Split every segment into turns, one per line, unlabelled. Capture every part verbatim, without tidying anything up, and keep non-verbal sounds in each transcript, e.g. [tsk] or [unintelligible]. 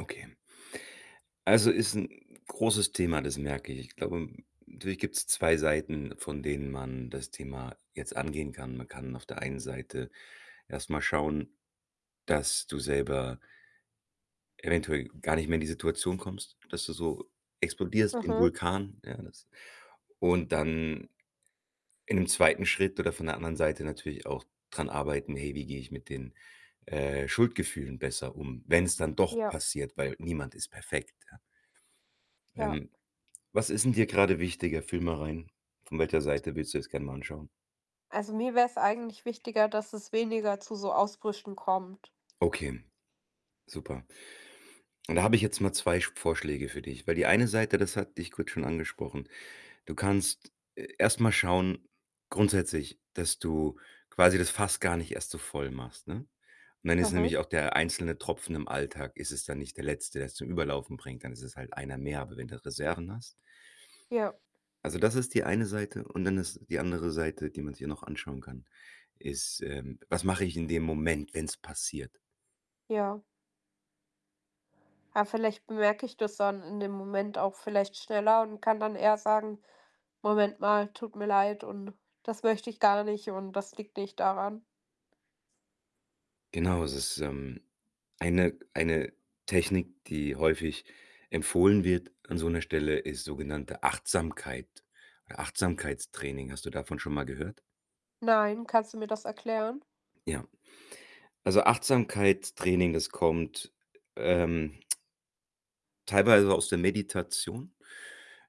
Okay. Also, ist 'n großes Thema, das merke ich. Ich glaubem natürlich gibt's zwei Seiten, von denen man das Thema jetzt angehen kann. Man kann auf der einen Seite erst mal schauen, dass du selber eventuell gar nicht mehr in die Situation kommst, dass du so explodierst wie 'n
Aha.
Vulkan, ja, das und dann in dem zweiten Schritt oder von der anderen Seite natürlich auch dran arbeiten: „Hey, wie gehe ich mit den, äh, Schuldgefühlen besser um, wenn's dann doch
Ja.
passiert?“, weil niemand ist perfekt, ja?
Ja.
Ähm, was ist denn dir grade wichtiger, fühl mal rein? Von welcher Seite willst du das gern mal anschauen?
Also, mir wäre es eigentlich wichtiger, dass es weniger zu so Ausbrüchen kommt.
Okay, super. Und da habe ich jetzt mal zwei Sch Vorschläge für dich, weil die eine Seite, das hatte ich kurz schon angesprochen. Du kannst e erst mal schauen grundsätzlich, dass du quasi das Fass gar nicht erst so voll machst, ne? Und dann ist
Aha.
nämlich auch der einzelne Tropfen im Alltag ist es dann nicht der letzte, der es zum Überlaufen bringt. Dann ist es halt einer mehr. Aber wenn du Reserven hast
Ja.
Also, das ist die eine Seite und dann ist die andere Seite, die man sich hier noch anschauen kann, ist, ähm: „Was mache ich in dem Moment, wenn's passiert?“
Ja. Ja, vielleicht bemerke ich das dann in dem Moment auch vielleicht schneller und kann dann eher sagen: „Moment mal, tut mir leid.“ und „Das möchte ich gar nicht.“ und „Das liegt nicht daran.“
Genau, es ist, ähm, eine eine Technik, die häufig empfohlen wird an so 'ner Stelle, ist sogenannte Achtsamkeit Achtsamkeitstraining. Hast du davon schon mal gehört?
Nein, kannst du mir das erklären?
Ja. Also, Achtsamkeitstraining, das kommt, ähm [tsk] teilweise aus der Meditation.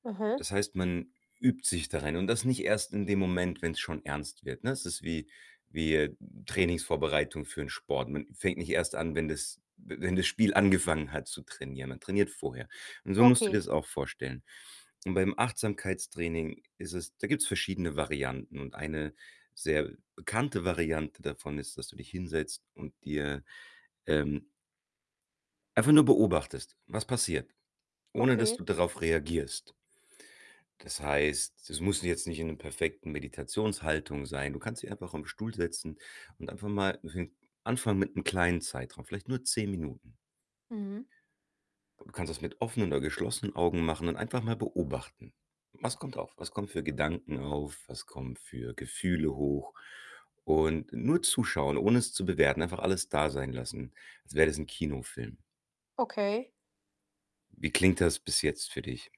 Aha.
Das heißt, man übt sich darin und das nicht erst in dem Moment, wenn's schon ernst wird, ne? Es ist wie wie, äh, Trainingsvorbereitung für den Sport. Man fängt nicht erst an, wenn das w wenn das Spiel angefangen hat, zu trainieren. Man trainiert vorher. Und so musst du dir
Okay.
das auch vorstellen. Und beim Achtsamkeitstraining ist es da gibt's verschiedene Varianten. Und eine sehr bekannte Variante davon ist, dass du dich hinsetzt und dir, ähm einfach nur beobachtest, was passiert, ohne dass
Okay.
du darauf reagierst. Das heißt, das muss jetzt nicht in 'nem perfekten Meditationshaltung sein. Du kannst dich einfach auf 'n Stuhl setzen und einfach mal [unintelligible] anfangen mit 'nem kleinen Zeitraum, vielleicht nur zehn Minuten.
Mhm.
Du kannst das mit offenen oder geschlossenen Augen machen und einfach mal beobachten. Was kommt auf? Was kommen für Gedanken auf? Was kommen für Gefühle hoch? Und nur zuschauen, ohne es zu bewerten, einfach alles da sein lassen, als wär das 'n Kinofilm.
Okay.
Wie klingt das bis jetzt für dich?